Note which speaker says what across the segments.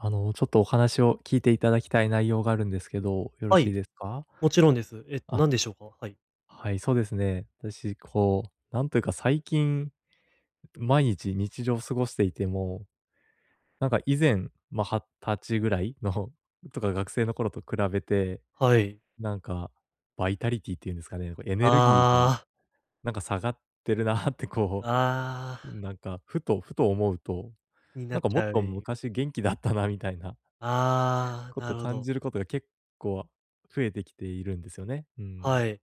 Speaker 1: あの、ちょっとお話を聞いていただきたい内容があるんですけど、よろ
Speaker 2: は
Speaker 1: しい
Speaker 2: い、
Speaker 1: ですか？
Speaker 2: もちろんです。えっと
Speaker 1: あ。
Speaker 2: 何でしょうか？はい。
Speaker 1: はい、そうですね。私こうなんというか最近毎日、日常過ごしていても、なんか、以前、ま、二十歳ぐらいのとか学生の頃と比べて
Speaker 2: はい。
Speaker 1: なんか、バイタリティっていうんですかね、こうエネルギー
Speaker 2: あ
Speaker 1: が
Speaker 2: あ。
Speaker 1: なんか下がってるなってこ
Speaker 2: ああ。
Speaker 1: う、なんか、ふとふと思うと、
Speaker 2: になっ
Speaker 1: なんか
Speaker 2: ち
Speaker 1: もっ
Speaker 2: ゃう。
Speaker 1: と
Speaker 2: い。
Speaker 1: 昔元気だったなみたいな
Speaker 2: あ
Speaker 1: こ
Speaker 2: あ、な
Speaker 1: と
Speaker 2: るほ
Speaker 1: 感
Speaker 2: ど。
Speaker 1: じることが結構増えてきているんですよね、うん。
Speaker 2: はい。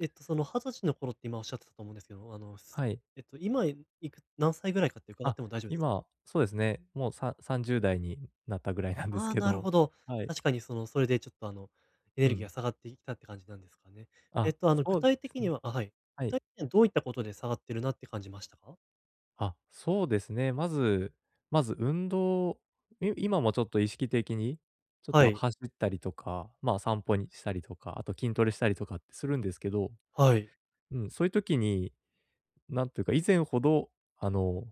Speaker 2: えっと、その二十歳の頃って今おっしゃってたと思うんですけど、あの、
Speaker 1: はい。
Speaker 2: えっと今、いいく何歳ぐらいかって伺っ
Speaker 1: あ、
Speaker 2: ても大丈夫です
Speaker 1: 今、そうですね、もうさ30代になったぐらいなんです
Speaker 2: ああ、
Speaker 1: け
Speaker 2: なる
Speaker 1: ど、
Speaker 2: ほど。
Speaker 1: はい。
Speaker 2: 確かにその、それでちょっとあのエネ
Speaker 1: う
Speaker 2: ルギーが
Speaker 1: ん。
Speaker 2: 下がってきたって感じなんですかね。えっ
Speaker 1: あ、
Speaker 2: とあの具
Speaker 1: そうで
Speaker 2: 体
Speaker 1: す
Speaker 2: 的
Speaker 1: ね。
Speaker 2: にはあ、はい、
Speaker 1: は
Speaker 2: 具
Speaker 1: い。
Speaker 2: 体的にはどういったことで下がってるなって感じましたか？
Speaker 1: あ、そうですね。まずまず運動い今もちょっと意識的にちょっ
Speaker 2: は
Speaker 1: と
Speaker 2: い。
Speaker 1: 走ったりとか、まあ散歩にしたりとか、あと筋トレしたりとかってするんですけど、
Speaker 2: はい。
Speaker 1: うん、そういう時になんというか、以前ほどあの、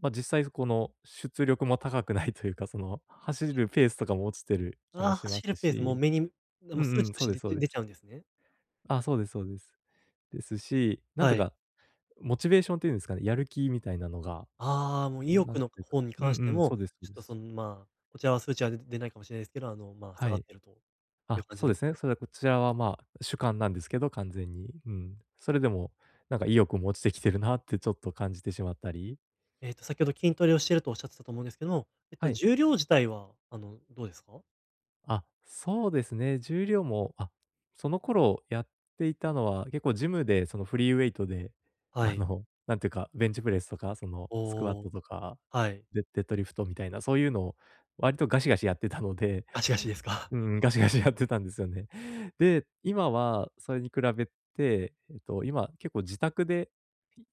Speaker 1: ま、実際この出力も高くないというか、その走るペースとかも落ちてる気も
Speaker 2: あ、
Speaker 1: しま
Speaker 2: 走る
Speaker 1: す
Speaker 2: ペースも
Speaker 1: し、
Speaker 2: 目に
Speaker 1: うん
Speaker 2: 数
Speaker 1: う
Speaker 2: 値
Speaker 1: ん、
Speaker 2: と
Speaker 1: そう
Speaker 2: し
Speaker 1: です
Speaker 2: て、
Speaker 1: そう
Speaker 2: で
Speaker 1: で
Speaker 2: 出
Speaker 1: す。
Speaker 2: ちゃうんですね。
Speaker 1: あ、そうですそうです。ですし、なん
Speaker 2: は
Speaker 1: と
Speaker 2: い。
Speaker 1: かモチベーションっていうんですかね、やる気みたいなのが、
Speaker 2: ああ、もう意
Speaker 1: うん、な
Speaker 2: 欲
Speaker 1: んて
Speaker 2: の、か
Speaker 1: いうか、
Speaker 2: 方に
Speaker 1: うん
Speaker 2: 関して
Speaker 1: うん、そ
Speaker 2: も、
Speaker 1: うですそう
Speaker 2: ちょっ
Speaker 1: で
Speaker 2: と
Speaker 1: す。
Speaker 2: その、まあ、こちらは数値は、で出ないかもしれないですけど、あの、まあ、
Speaker 1: は
Speaker 2: 下がっ
Speaker 1: い。
Speaker 2: ているという
Speaker 1: あ、
Speaker 2: 感じ
Speaker 1: そう
Speaker 2: なん
Speaker 1: で
Speaker 2: で
Speaker 1: す
Speaker 2: す
Speaker 1: ね。
Speaker 2: ね。
Speaker 1: それはこちらは、まあ主観なんですけど、完全に。うん。それでもなんか意欲も落ちてきてるなってちょっと感じてしまったり。
Speaker 2: ええと先ほど筋トレをしているとおっしゃってたと思うんですけど、えっと
Speaker 1: はい。
Speaker 2: 重量自体は、あのどうですか？
Speaker 1: あ、そうですね。重量も、あ、その頃やっていたのは結構ジムでそのフリーウェイトで、
Speaker 2: は
Speaker 1: あ
Speaker 2: い。
Speaker 1: のなんていうか、ベンチプレスとかそのスクワッ
Speaker 2: お
Speaker 1: ト
Speaker 2: お。
Speaker 1: とか、
Speaker 2: はい。
Speaker 1: デデッドリフトみたいな、そういうのを割とガシガシやってたので。
Speaker 2: ガシガシですか？
Speaker 1: うん、ガシガシやってたんですよね。で、今はそれに比べて、えっと、今結構自宅で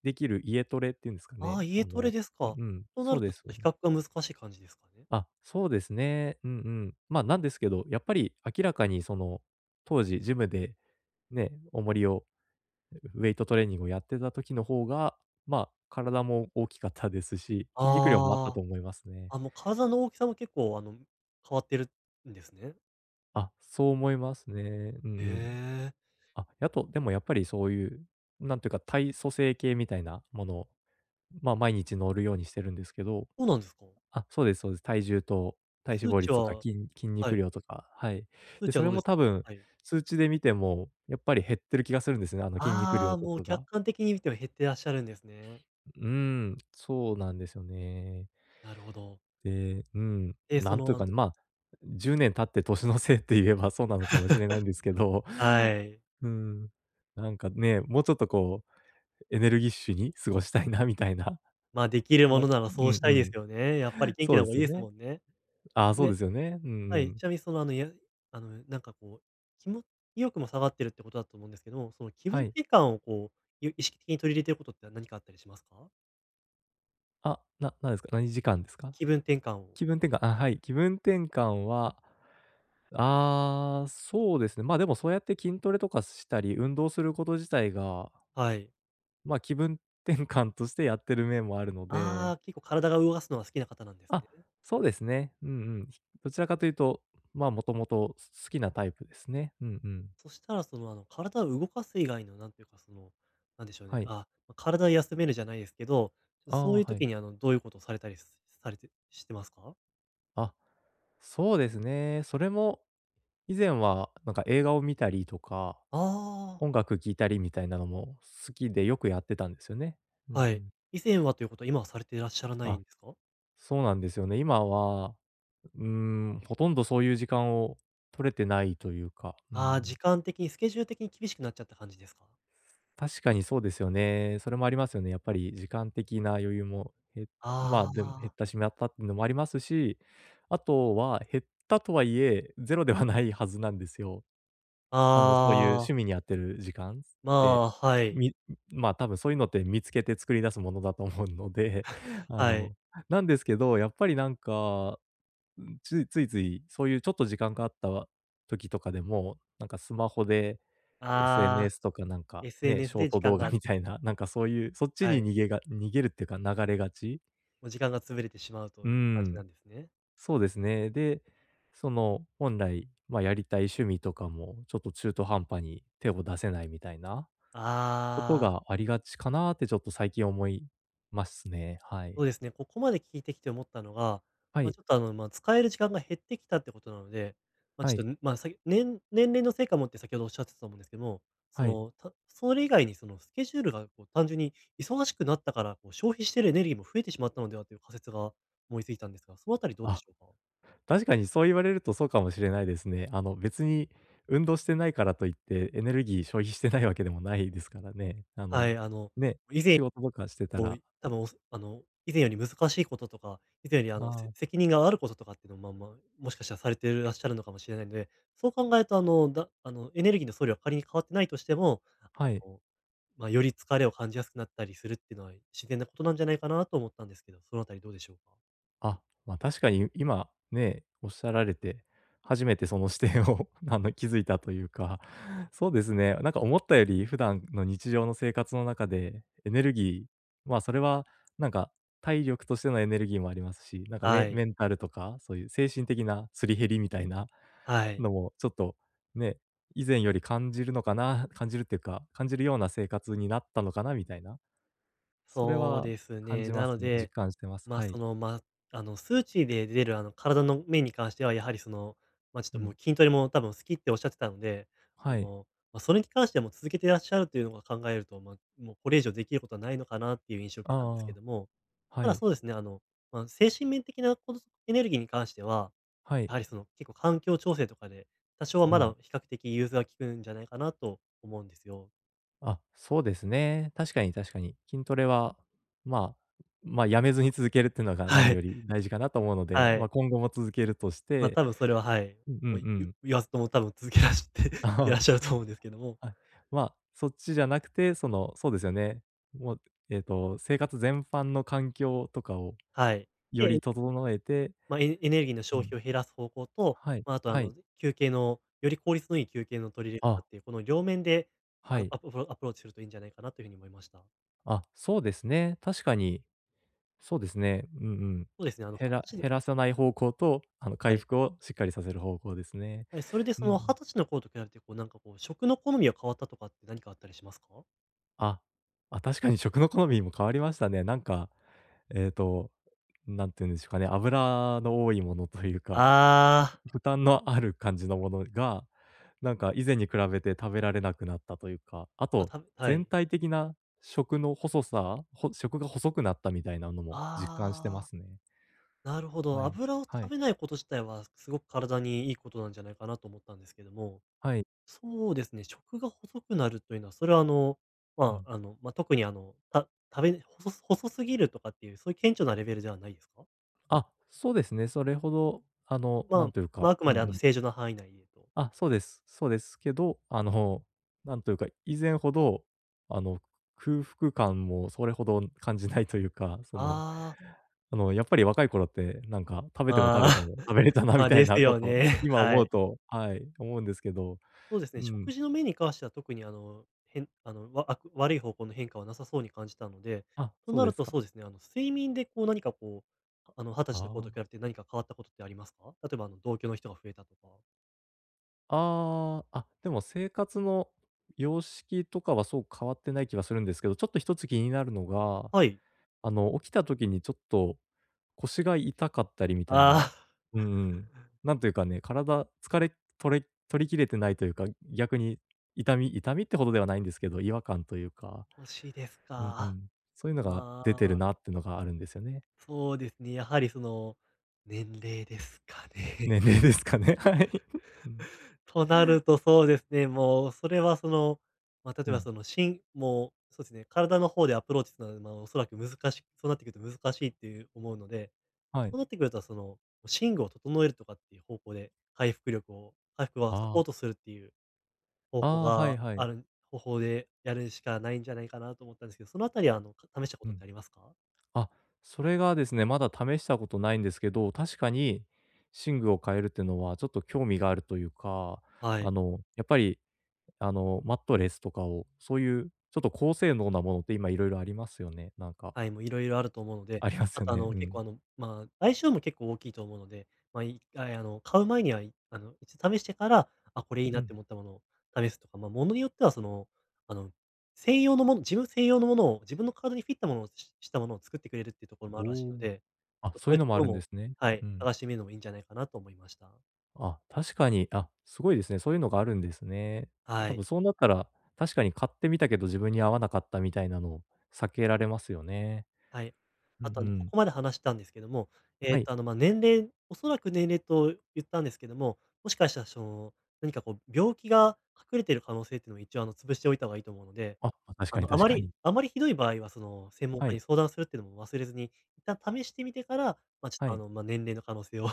Speaker 1: できる家トレって言うんですか
Speaker 2: ああ、
Speaker 1: ね、
Speaker 2: 家
Speaker 1: あ
Speaker 2: トレ
Speaker 1: の、
Speaker 2: です
Speaker 1: うん
Speaker 2: か。
Speaker 1: うん、
Speaker 2: とな
Speaker 1: そう
Speaker 2: る
Speaker 1: で
Speaker 2: とち
Speaker 1: す
Speaker 2: ょっ
Speaker 1: よ
Speaker 2: と比
Speaker 1: ね。
Speaker 2: 較が難しい感じですかね。
Speaker 1: あ、そうですね。うんうん。ま、なんですけど、やっぱり明らかにその当時ジムでね、重りをウェイトトレーニングをやってた時の方が、まあ体も大きかったですし、筋肉量もあったと
Speaker 2: あ
Speaker 1: 思いますね。
Speaker 2: あ、あの、体の大きさも結構あの、変わってるんですね。
Speaker 1: あ、そう思いますね。うんう
Speaker 2: へ
Speaker 1: ん。
Speaker 2: え。
Speaker 1: あ、やあと、でもやっぱりそういう、なんていうか体組成計みたいなものを、まあ毎日乗るようにしてるんですけど。
Speaker 2: そうなんですか。
Speaker 1: あ、そうですそうです。体重と体脂
Speaker 2: 数
Speaker 1: 肪
Speaker 2: 値
Speaker 1: 率とか、
Speaker 2: は、
Speaker 1: きん筋
Speaker 2: は
Speaker 1: 肉
Speaker 2: い。
Speaker 1: 量とか、はい。
Speaker 2: 数
Speaker 1: で、
Speaker 2: 値は
Speaker 1: そ
Speaker 2: ど
Speaker 1: れ
Speaker 2: うで
Speaker 1: も
Speaker 2: す
Speaker 1: 多
Speaker 2: か？
Speaker 1: 分、
Speaker 2: はい。
Speaker 1: 数値で見てもやっぱり減ってる気がするんですね、あの筋肉
Speaker 2: あ
Speaker 1: 量
Speaker 2: あ、
Speaker 1: と
Speaker 2: もう
Speaker 1: か
Speaker 2: 客
Speaker 1: が。
Speaker 2: 観的に見ても減っていらっしゃるんですね。
Speaker 1: うん、そうなんですよね。
Speaker 2: なるほど。
Speaker 1: で、うん、
Speaker 2: え、
Speaker 1: な
Speaker 2: そ
Speaker 1: んという
Speaker 2: のあ
Speaker 1: か
Speaker 2: の
Speaker 1: ね、まあ、10年経って年のせいって言えばそうなのかもしれないんですけど。
Speaker 2: はい。
Speaker 1: うん、なんかね、もうちょっとこうエネルギッシュに過ごしたいなみたいな。
Speaker 2: まあ、でき
Speaker 1: そ
Speaker 2: る
Speaker 1: ん
Speaker 2: も
Speaker 1: な、
Speaker 2: のならそ
Speaker 1: う
Speaker 2: うし
Speaker 1: ん
Speaker 2: たいですよ
Speaker 1: う
Speaker 2: ね。やっぱり
Speaker 1: ん。
Speaker 2: 元気
Speaker 1: そう
Speaker 2: な
Speaker 1: で
Speaker 2: 方がい
Speaker 1: す
Speaker 2: い
Speaker 1: よ
Speaker 2: です
Speaker 1: ね。
Speaker 2: もんね。
Speaker 1: ああ、そうで
Speaker 2: で、
Speaker 1: すよね。うん
Speaker 2: は
Speaker 1: う
Speaker 2: い、
Speaker 1: ん。
Speaker 2: ちなみにそのあのいやあの、なんかこう、きも意欲も下がってるってことだと思うんですけど、その気分
Speaker 1: はい。
Speaker 2: 転換をこう、ゆ意識的に取り入れていることって何かあったりしますか？
Speaker 1: あ、ななんすか、何時間ですか？
Speaker 2: 気分転換を。
Speaker 1: 気分転換あ、はい、気分転換は、ああ、そうですね。ま、でもそうやって筋トレとかしたり、運動すること自体が
Speaker 2: はい。
Speaker 1: ま、気分転換としてやってる面もあるの
Speaker 2: あ
Speaker 1: で。
Speaker 2: あ、結構体が動かすのは好きな方なんです
Speaker 1: あ、
Speaker 2: ね。
Speaker 1: そうですね。うんうん。どちらかというと、ま、もともとす好きなタイプですね。うんうん。
Speaker 2: そしたらその、あの、体を動かす以外のなんていうか、その、なんでしょう
Speaker 1: は
Speaker 2: ね、
Speaker 1: い。
Speaker 2: あ、ま、体を休めるじゃないですけど、う
Speaker 1: あ
Speaker 2: そう
Speaker 1: あ、
Speaker 2: いう
Speaker 1: はい。
Speaker 2: 時にあの、どういうことをされたりすされてしてますか？
Speaker 1: あ、そうですね。それも以前はなんか映画を見たりとか、
Speaker 2: ああ。
Speaker 1: 音楽聴いたりみたいなのも好きでよくやってたんですよね。うんう
Speaker 2: はい。
Speaker 1: ん。
Speaker 2: 以前はということは今はされてらっしゃらない
Speaker 1: あ、
Speaker 2: んですか？
Speaker 1: そうなんですよね。今は、ううーん、ほとんどそういう時間を取れてないというか、うんう
Speaker 2: ああ、時
Speaker 1: ん。
Speaker 2: 間的に、スケジュール的に厳しくなっちゃった感じですか？
Speaker 1: 確かにそうですよね。それもありますよね。やっぱり時間的な余裕も、へまあ、
Speaker 2: あ
Speaker 1: でも減っ
Speaker 2: あ。
Speaker 1: たしみゃぱっのもありますし、あとは減ったとはいえ、ゼロではないはずなんですよ。あの、そういう
Speaker 2: ああ。
Speaker 1: 趣味にあてる時間す
Speaker 2: ま
Speaker 1: って、
Speaker 2: あ、はい。
Speaker 1: みん、ま、多分そういうのって見つけて作り出すものだと思うので、あ
Speaker 2: はい。
Speaker 1: の、なんですけど、やっぱりなんか、うん、ちゅいついつい、そういうちょっと時間があったわ時とかでも、なんかスマホで、
Speaker 2: ああ、
Speaker 1: SNS とかなんか、ね、シ
Speaker 2: SNS
Speaker 1: ョー
Speaker 2: で時
Speaker 1: ト
Speaker 2: 間
Speaker 1: 動画
Speaker 2: が
Speaker 1: みたいな、なんかそういう、そっち
Speaker 2: は
Speaker 1: に
Speaker 2: い。
Speaker 1: 逃げが逃げるっていうか流れがち。
Speaker 2: もう時間が潰れてしまう
Speaker 1: う
Speaker 2: と
Speaker 1: うー
Speaker 2: いう感じな
Speaker 1: ん。
Speaker 2: んですね。
Speaker 1: そうですね。で、その本来、ま、やりたい趣味とかも、ちょっと中途半端に手を出せないみたいなこと
Speaker 2: ああ。
Speaker 1: がありがちかなって、ちょっと最近思いますね、はい。
Speaker 2: おえすね。ここまで聞いてきて思ったのが、
Speaker 1: は
Speaker 2: ま、
Speaker 1: い。
Speaker 2: ちょっとあの、ま、使える時間が減ってきたってことなので、ま、ち
Speaker 1: は
Speaker 2: ょ
Speaker 1: い。
Speaker 2: っと、ん、ま、さぎ年年齢のせいかもって先ほどおっしゃってと思うんですけども、そ
Speaker 1: はい。
Speaker 2: の、たそれ以外にそのスケジュールがこう単純に忙しくなったから、こう消費してるエネルギーも増えてしまったのではという仮説が思いついたんですが、そのあたりどうで
Speaker 1: あ、
Speaker 2: しょうか？
Speaker 1: 確かにそう言われるとそうかもしれないですね。あの、別に運動してないからといって、エネルギー消費してないわけでもないですからね。あ
Speaker 2: は
Speaker 1: の、
Speaker 2: い、あの、
Speaker 1: ね、
Speaker 2: いぜい
Speaker 1: 仕事とかしてた
Speaker 2: お
Speaker 1: ら
Speaker 2: いあ
Speaker 1: うん。
Speaker 2: の、おすあの、以前より難しいこととか、以前にあの、
Speaker 1: あ
Speaker 2: せ
Speaker 1: あ。
Speaker 2: 責任があることとかってのまま、もしかしたらされてるらっしゃるのかもしれないので、そう考えるとあの、だあの、エネルギーの総量は仮に変わってないとしても、あ
Speaker 1: はい。
Speaker 2: の、ま、より疲れを感じやすくなったりするってのは、い自然なことなんじゃないかなと思ったんですけど、そのあたりどうでしょうか？
Speaker 1: あ、ま、確かに今ね、おっしゃられて、初めてその視点をあの気づいたというか、そうですね、なんか思ったより普段の日常の生活の中でエネルギーまあ、それはなんか体力としてのエネルギーもありますし、なんか
Speaker 2: は
Speaker 1: メ
Speaker 2: い。
Speaker 1: メンタルとかそういう精神的なすり減りみたいな
Speaker 2: はい。
Speaker 1: のもちょっと、ね、以前より感じるのかな感じるっていうか、感じるような生活になったのかなみたいな。それ
Speaker 2: そう
Speaker 1: は
Speaker 2: です
Speaker 1: 感
Speaker 2: ね。
Speaker 1: じま
Speaker 2: なの
Speaker 1: すね、実
Speaker 2: で、
Speaker 1: 感してます、
Speaker 2: まあ、
Speaker 1: は
Speaker 2: そ
Speaker 1: い。
Speaker 2: の、ま、あの、数値で出る、あの体の面に関してはやはりその、ま、ちょっ
Speaker 1: う
Speaker 2: とも
Speaker 1: ん。
Speaker 2: う筋トレも多分好きっておっしゃってたので、あ
Speaker 1: はい。
Speaker 2: の、ま、それに関しても続けていらっしゃるというのを考えると、ま、もうこれ以上できることはないのかなっていう印象を受けたんですけ
Speaker 1: ああ、
Speaker 2: ども、
Speaker 1: は
Speaker 2: ただ
Speaker 1: い。
Speaker 2: そうですね、あの、まあ、精神面的なこのエネルギーに関しては、
Speaker 1: は
Speaker 2: や
Speaker 1: い。
Speaker 2: はりその結構環境調整とかで、多少は
Speaker 1: う
Speaker 2: ま
Speaker 1: ん。
Speaker 2: だ比較的融通が利くんじゃないかなと思うんですよ。
Speaker 1: あ、そうですね。確かに確かに。筋トレは、まあ、ま、辞めずに続けるっていうのが何
Speaker 2: はい。
Speaker 1: より大事かなと思うので、
Speaker 2: は
Speaker 1: まあ、
Speaker 2: い。
Speaker 1: 今後も続けるとし
Speaker 2: まあ、
Speaker 1: て
Speaker 2: 多分それは、はい、
Speaker 1: ううん
Speaker 2: も、ゆ
Speaker 1: うん。
Speaker 2: 言わずとも多分続けらしてい
Speaker 1: あ
Speaker 2: らっしゃる
Speaker 1: あ、
Speaker 2: と思うんですけども。
Speaker 1: はい、まあ、そっちじゃなくて、その、そうですよね、もう、ええと、生活全般の環境とかを
Speaker 2: はい。
Speaker 1: よ
Speaker 2: で
Speaker 1: り整えて
Speaker 2: ま、エエネルギーの
Speaker 1: う
Speaker 2: 消
Speaker 1: ん。
Speaker 2: 費を減らす方向と、
Speaker 1: はい、
Speaker 2: ま、あとあ
Speaker 1: はい。
Speaker 2: の休憩のより効率のいい休憩の取り入れ
Speaker 1: あ
Speaker 2: 方っ
Speaker 1: あ。
Speaker 2: ていうこの両面で
Speaker 1: は
Speaker 2: ア
Speaker 1: い。
Speaker 2: アプフロアプローチするといいんじゃないかなというふうに思いました。
Speaker 1: あ、そうですね。確かにそうですね。うんうん。
Speaker 2: そうですね、あの、
Speaker 1: へ
Speaker 2: は、
Speaker 1: ら
Speaker 2: ちょっと
Speaker 1: 減らさない方向とあの
Speaker 2: は
Speaker 1: 回
Speaker 2: い。
Speaker 1: 復をしっかりさせる方向ですね。
Speaker 2: はい、それで
Speaker 1: うん
Speaker 2: そ
Speaker 1: う
Speaker 2: のは
Speaker 1: ん。
Speaker 2: たちの頃と比べて、こうなんかこう、食の好みが変わったとかって、なにかあったりしますか？
Speaker 1: ああ、あ、確かに食の好みも変わりましたね。なんか、ええと、なんていうんでしょうかね、油の多いものというか、
Speaker 2: あ
Speaker 1: [unintelligible]
Speaker 2: あ。
Speaker 1: 負担のある感じのものが、なんか以前に比べて食べられなくなったというか、あ
Speaker 2: あ、
Speaker 1: と
Speaker 2: たぶは
Speaker 1: 全
Speaker 2: い。
Speaker 1: 体的な食の細さほ食が細くなったみたいなのも実感してま
Speaker 2: ああ、
Speaker 1: すね。
Speaker 2: なるほど、
Speaker 1: はい、
Speaker 2: 油を
Speaker 1: は
Speaker 2: 食
Speaker 1: い。
Speaker 2: べないこと自体はすごく体にいいことなんじゃないかなと思ったんですけども、
Speaker 1: はい。
Speaker 2: そうですね、食が細くなるというのは、それはあの、
Speaker 1: う
Speaker 2: ま、
Speaker 1: ん。
Speaker 2: あの、ま、特にあの、た食べほそ細すぎるとかっていうそういう顕著なレベルじゃあないですか？
Speaker 1: あ、そうですね、それほど、あの、
Speaker 2: ま
Speaker 1: な
Speaker 2: あ、
Speaker 1: んというか
Speaker 2: ま、あく
Speaker 1: うん
Speaker 2: ま
Speaker 1: う
Speaker 2: であの
Speaker 1: ん。
Speaker 2: 正常な範囲内でと。
Speaker 1: あ、そうです。そうですけど、あの、なんというか、以前ほど、あの、空腹感もそれほど感じないというか、その、
Speaker 2: ああ。
Speaker 1: あのやっぱり、若い頃ってなんか、食べても食
Speaker 2: ま
Speaker 1: べて
Speaker 2: あ、
Speaker 1: も食べれ たなみ
Speaker 2: ま、
Speaker 1: たい
Speaker 2: です
Speaker 1: なこ
Speaker 2: よ
Speaker 1: と、
Speaker 2: ね、
Speaker 1: 今
Speaker 2: は
Speaker 1: 思う
Speaker 2: い。
Speaker 1: とはい、思うんですけど
Speaker 2: そうです
Speaker 1: う
Speaker 2: ね。
Speaker 1: ーん。
Speaker 2: 食事の面に関しては特にあの、へんあの、わあく悪い方向の変化はなさそうに感じたので、
Speaker 1: あ、
Speaker 2: と
Speaker 1: そう
Speaker 2: な
Speaker 1: で
Speaker 2: る
Speaker 1: す
Speaker 2: とそ
Speaker 1: か。
Speaker 2: うですね、あの、睡眠でこう、なにかこう、あの、はた
Speaker 1: あ
Speaker 2: ちの頃と比
Speaker 1: あ。
Speaker 2: べて、なにか変わったことってありますか？例えばあの、同居の人が増えたとか。
Speaker 1: ああ、あ、でも、生活の様式とかは、そう変わってない気がするんですけど、ちょっと、1つ気になるのが、
Speaker 2: はい。
Speaker 1: あの、起きた時に、ちょっと、腰が痛かったりみたい
Speaker 2: あ
Speaker 1: な。
Speaker 2: あ。
Speaker 1: うーん、なんというかね、体、疲れとれ取り切れてないというか、逆に痛み痛みってほどではないんですけど、違和感というか。
Speaker 2: 腰ですか。
Speaker 1: うんうん。そういうのが
Speaker 2: あ
Speaker 1: 出てる
Speaker 2: あ。
Speaker 1: なってのがあるんですよね。
Speaker 2: そうですね。やはりその年齢ですかね。
Speaker 1: 年齢ですかね。はい。うん。
Speaker 2: となると、そうですね。もう、それは、その、まあ、例
Speaker 1: う
Speaker 2: えば、
Speaker 1: ん。
Speaker 2: その、しんもう、そうすね、体の方でアプローチするの、まあ、おそらく難しそうなってくると、難しいっていう、思うので、
Speaker 1: はい。
Speaker 2: そうなってくると、その、寝具を整えるとかっていう方向で、回復力を回復は
Speaker 1: あ
Speaker 2: サポー
Speaker 1: あ。
Speaker 2: トするっていう。方
Speaker 1: あ
Speaker 2: 法
Speaker 1: あ、はい
Speaker 2: が
Speaker 1: はい。
Speaker 2: ある方法でやるしかないんじゃないかなと、思ったんですけど。そのあたりは、あの、か試したこ
Speaker 1: う
Speaker 2: とっ
Speaker 1: ん。
Speaker 2: てありますか？
Speaker 1: あ。それがですね、まだ試したことないんですけど、確かに、寝具を変えるってのは、ちょっと興味があるというか、
Speaker 2: は
Speaker 1: あ
Speaker 2: い。
Speaker 1: の、やっぱり、あの、マットレスとかを、そういう、ちょっと高性能なものって、今、色々ありますよね、なんか。
Speaker 2: はい、もう、色々あると思うので。
Speaker 1: あります
Speaker 2: あ
Speaker 1: よ
Speaker 2: と、あ
Speaker 1: ね、
Speaker 2: の、
Speaker 1: う
Speaker 2: 結
Speaker 1: ん。
Speaker 2: 構、あの、まあ、相性も、結構大きいと思うので、まあ、1回、あの、買う前には、いあの、いち試してから、あ、これ、いい
Speaker 1: う
Speaker 2: なっ
Speaker 1: ん。
Speaker 2: て思ったものを試すとか、まあ、物によっては、その、あの、専用のもの自分専用のものを、自分の体にフィットしたものをししたものを作ってくれるっていうところも
Speaker 1: お
Speaker 2: あるらしい
Speaker 1: お、
Speaker 2: ので。
Speaker 1: あ、
Speaker 2: そそ
Speaker 1: そう
Speaker 2: う
Speaker 1: い
Speaker 2: い
Speaker 1: う
Speaker 2: う
Speaker 1: の
Speaker 2: と
Speaker 1: も
Speaker 2: こ
Speaker 1: あ
Speaker 2: ろ
Speaker 1: るんで
Speaker 2: も
Speaker 1: すね。
Speaker 2: はい、
Speaker 1: うん。
Speaker 2: 探してみるのも、いいんじゃないかなと思いました。
Speaker 1: あ、確かに。あ、すごいですね。そういうのがあるんですね。
Speaker 2: は
Speaker 1: 多
Speaker 2: い。
Speaker 1: 分そうなったら、確かに買ってみたけど自分に合わなかったみたいなのを避けられますよね。
Speaker 2: はい。
Speaker 1: うん
Speaker 2: あとあ
Speaker 1: う
Speaker 2: の、こ
Speaker 1: ん。
Speaker 2: こまで話したんですけども、え
Speaker 1: は
Speaker 2: っと、
Speaker 1: い。
Speaker 2: あの、ま、ねんれんおそらくねんれと言ったんですけども、もしかしたらしょ、何かこう病気が隠れている可能性っていうのは一応あの、潰しておいたがいいと思うので、
Speaker 1: あ、確
Speaker 2: あ
Speaker 1: かに
Speaker 2: の、あ
Speaker 1: 確
Speaker 2: ま
Speaker 1: か
Speaker 2: り
Speaker 1: に。
Speaker 2: あまりひどい場合はその、専門
Speaker 1: は
Speaker 2: 家に
Speaker 1: い。
Speaker 2: 相談するっていうのも忘れずに。一旦試してみてから、ま、ちょっ
Speaker 1: は
Speaker 2: とあ
Speaker 1: い。
Speaker 2: の、ま、年齢の可能性を、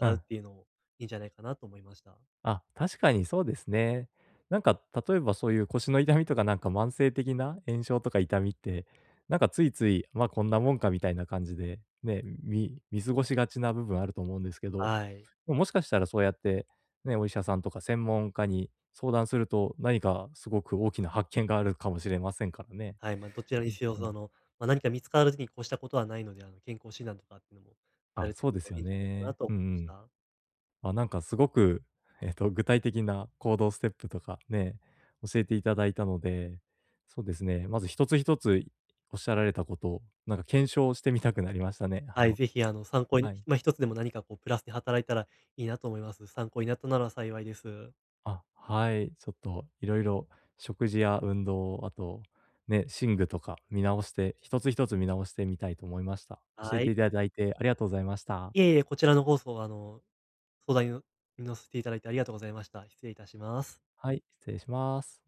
Speaker 1: う
Speaker 2: うっ
Speaker 1: ん。
Speaker 2: ていうのもいいんじゃないかなと思いました。
Speaker 1: あ、確かにそうですね。なんか例えばそういう腰の痛みとかなんか慢性的な炎症とか痛みって、なんかついつい、まあ、こんなもんか、みたいな感じで、ね。み見過ごしがちな部分あると思うんですけど、
Speaker 2: あい。
Speaker 1: おもしかしたらそうやって、ね、お医者さんとか専門家に相談すると、何かすごく大きな発見があるかもしれませんからね。
Speaker 2: はい、ま、どちら
Speaker 1: う
Speaker 2: にせよ、
Speaker 1: ん、うん。
Speaker 2: その、ま、何か見つかる時に越したことはないので、あの、健康診断とかってのもさ
Speaker 1: あ、
Speaker 2: れて
Speaker 1: そう
Speaker 2: みる
Speaker 1: です
Speaker 2: とい
Speaker 1: よ
Speaker 2: いんじゃないかな
Speaker 1: ね。
Speaker 2: と
Speaker 1: う
Speaker 2: 思い
Speaker 1: んう
Speaker 2: まし
Speaker 1: ん。
Speaker 2: た。
Speaker 1: ま、なんかすごく、えっと、具体的な行動ステップとか、ね、教えていただいたので。そうですね、まず一つ一ついおっしゃられたことを、なんか検証してみたくなりましたね。あ
Speaker 2: はい。
Speaker 1: の
Speaker 2: 是非あの、参考
Speaker 1: は
Speaker 2: に
Speaker 1: い。
Speaker 2: ま、一つでも何かこうプラスで働いたらいいなと思います。参考になったなら幸いです。
Speaker 1: あ、はい。ちょっといろいろ食事や運動、あと、ね、寝具とか見直して、一つ一つ見直してみたいと思いました。教
Speaker 2: は
Speaker 1: えて
Speaker 2: い。
Speaker 1: いただいてありがとうございました。
Speaker 2: いえいえ、こちらのこそ、あの、相談にの乗せていただいてありがとうございました。失礼いたします。
Speaker 1: はい、失礼します。